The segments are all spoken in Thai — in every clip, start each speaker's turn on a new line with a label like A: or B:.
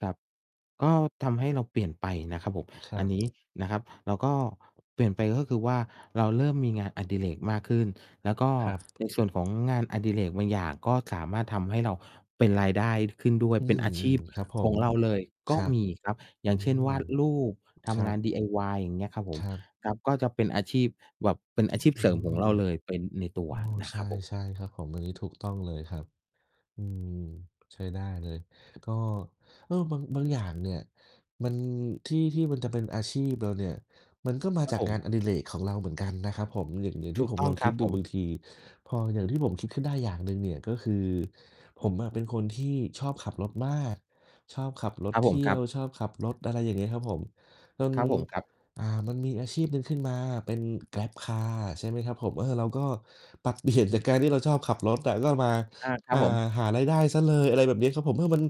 A: ครับ ก็ทำให้เราเปลี่ยนไปนะครับผม
B: คร
A: อ
B: ั
A: ัน
B: บ
A: นี้นะครับ เราก็ เปลี่ยนไปก็คือว่า เราเริ่มมีงานอดิเรกมากขึ้น แล้วก็
B: ครั
A: ใ
B: บ
A: นส่วนของงานอดิเรกบางอย่าง ก็สามารถทำให้เรา เป็นรายได้ ข ขึ้นด้วย
B: อื
A: เป็นอาช
B: ม
A: ีพ
B: ๆ ครับผ
A: ขอ
B: ม
A: งเราเลย
B: ค
A: ก็
B: รับ
A: มีครับ อ
B: อ
A: ย
B: ื
A: ่างเช่น ว
B: ม
A: าดรูป ท
B: ครั
A: ำงา
B: บ
A: น DIY อย่างเงี้ยครับผ
B: ค
A: ม
B: รับ
A: ครับ ก็เป็นอาชีพแบบ เป็นอา
B: อ
A: ชีพ
B: อื
A: เสริมของ
B: ม
A: เราเลย เป็นในตัว
B: อ้อ
A: นะ
B: ใช
A: ครับผม
B: ่ ๆ ครับผม อันนี้ถูกต้องเลยครับ อืม ใช้ได้เลย ก็ เออ บาง บางอย่างเนี่ย มัน ที่ ที่มันจะเป็นอาชีพเราเนี่ย มันก็มา
A: ครั
B: จ
A: บ
B: าก
A: ผ
B: ง
A: ม
B: านอดิเรกของเราเหมือนกันนะครับผม อย่าง อย่าง
A: ถ
B: ที่
A: ูก
B: ผม
A: ต้อ
B: ล
A: ง
B: อง
A: ค
B: ค
A: ร
B: ิ
A: ั
B: ด
A: บ
B: ด
A: ผ
B: ูบา
A: ม
B: งที พออย่างที่ผมคิดขึ้นได้อย่างหนึ่งเนี่ย ก็คือผมอะเป็นคนที่ชอบขับรถมาก ชอบขับรถ
A: ครับ
B: เท
A: ผม
B: ี่
A: ค
B: ย
A: รั
B: ว
A: บ
B: ชอบขับรถ อะไรอย่างนี้ครับผม จน
A: ครับผม ครับ
B: อ่า มันมีอาชีพหนึ่งขึ้นมา เป็น Grab Car ใช่ไหมครับผม เออ เราก็ปรับ เปลี่ยน จากการที่เราชอบขับรถอะ แล้วเรามา
A: อา คร
B: อ
A: ับ
B: ่า
A: ผม
B: หารายได้เสียเลย อะไรแบบเนี้ยครับผม เออ มัน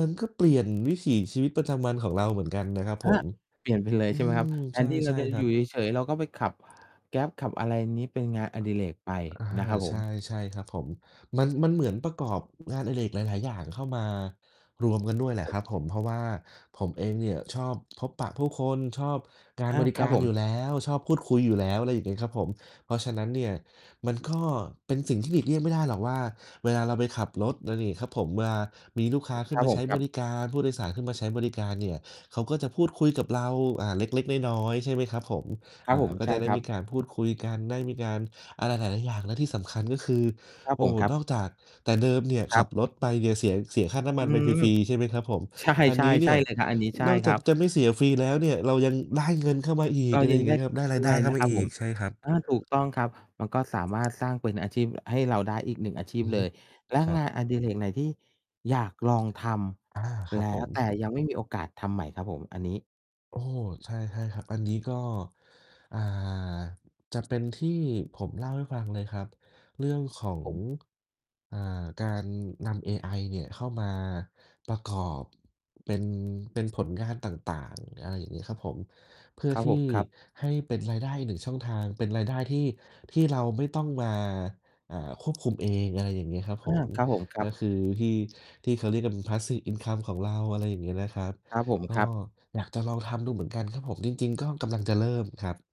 B: มันก็เปลี่ยนวิถีชีวิตประจำวันของเราเหมือนกันนะครับ
A: อ
B: ผ
A: ๊ะ!
B: ม
A: เปลี่ยนไปเลย
B: อื
A: ใช่ไหมครับ
B: ม
A: แท
B: ใ
A: นที่เร
B: ช
A: า
B: ่
A: จะ
B: ๆ ค
A: อ
B: ร
A: ย
B: ั
A: ู่
B: บ
A: เฉย ๆ เราก็ไปขับ Grab ขับอะไรอย่างนี้ เป็นงานอดิเรกไป
B: อา
A: นะครับผ
B: ใช
A: ม
B: ่ ๆ ครับผม มัน มันเหมือนประกอบงานอดิเรกหลาย ๆ อย่างเข้ามารวมกันด้วยแหละ
A: ผ
B: ค
A: ม
B: รับผม เพราะว่าผมเองเนี่ย ชอบพบปะผู้คน ชอบการ
A: อา
B: บริ
A: ค
B: ก
A: รับ
B: าร
A: ผม
B: อยู่แล้ว ชอบพูดคุยอยู่แล้ว อะไรอย่างเงี้ยครับผม เพราะฉะนั้นเนี่ย มันก็เป็นสิ่งที่หลีกเลี่ยงไม่ได้หรอกว่า เวลาเราไปขับรถ ไรอย่างงี้ครับผม เวลามีลูกค้าขึ
A: ค
B: ้
A: ร
B: น
A: ับ
B: มา
A: ผ
B: ใช
A: ม
B: ้
A: คร
B: บ
A: ับ
B: ริการ ผู้โดยสารขึ้นมาใช้บริการเนี่ย เขาก็จะพูดคุยกับเรา อ่า เล็ก ๆ น้อย ๆ ใช่ไหมครับผม
A: คร
B: อ
A: ับ
B: ่
A: ผ
B: า
A: ม
B: ก็
A: ใช
B: จ
A: ่
B: ะได
A: ค
B: ้
A: รั
B: มี
A: บ
B: การพูดคุยกัน ได้มีการอะไรหลาย ๆ อย่าง และที่สำคัญ ก็คือ
A: ครับ
B: โอ
A: ผ
B: ้
A: ม
B: โฮ
A: ครั
B: น
A: บ
B: อกจาก แต่เดิมเนี่ย
A: ค
B: ข
A: รั
B: ั
A: บ
B: บรถไปเนี่ย เสีย เสียค่าน้ำม
A: อ
B: ั
A: ื
B: นไปฟ
A: ม
B: รี ๆ ใช่ไหมครับผม
A: ใช่
B: อัน
A: ใช่
B: นี้เ
A: ใ
B: น
A: ช
B: ี
A: ่
B: ่ย
A: เลยครับ อันนี้ใช่
B: นอก
A: ค
B: จา
A: รั
B: ก
A: บ
B: จะไม่เสียฟรีแล้วเนี่ย เรายังได้เงินเข้ามาอี
A: เร
B: ก
A: า
B: อะไร
A: ยั
B: อย
A: ง
B: ่าง
A: ไ
B: เ
A: ด
B: งี
A: ้
B: ้ยครับ ได้ร
A: ด
B: าย
A: ้
B: ได
A: ว
B: ้
A: ย
B: เข้
A: น
B: า
A: ะ
B: ม
A: ค
B: า
A: รับ
B: อ
A: ผ
B: ี
A: ม
B: ก ใช่ครับ
A: อา ถูกต้องครับ มันก็สามารถสร้างเป็นอาชีพ อ ให้เราได้อีก 1 อาชีพ
B: อื
A: เล
B: ม
A: ย และ
B: ครั
A: งา
B: บ
A: นอดิเรกไหน ที่อยากลองท
B: อา ค
A: ำ
B: รั
A: แล
B: บผ
A: ้ว
B: ม
A: แต่ยังไม่มีโอกาสทำไหมครับผม? อันนี้
B: โอ้ ใช่ ๆ ครับ อันนี้ก็ อ่า จะเป็นที่ผมเล่าให้ฟังเลยครับ เรื่องของ
A: ผม
B: อ่า การนำเอไอเนี่ย เข้ามาประกอบเป็น เป็นผลงานต่าง ๆ อะไรอย่างงี้ครับผม เพื่อ
A: ครับ
B: ที่
A: ผม ครับ
B: ให้เป็นรายได้อีก 1 ช่องทาง เป็นรายได้ที่ ที่เราไม่ต้องมา อ่า ควบคุมเอง อะไรอย่างงี้ครับ
A: อ
B: ผ
A: า
B: ม
A: ครับผม คร
B: ก
A: ั
B: ็
A: บ
B: คือที่ ที่เขาเรียกกัน passive income ของเรา อะไรอย่างงี้นะครับ
A: ครับผม
B: ก็
A: ครับ
B: อยากจะลองทำดูเหมือนกันครับผม จริง ๆ ก็กำลังจะเริ่มครับ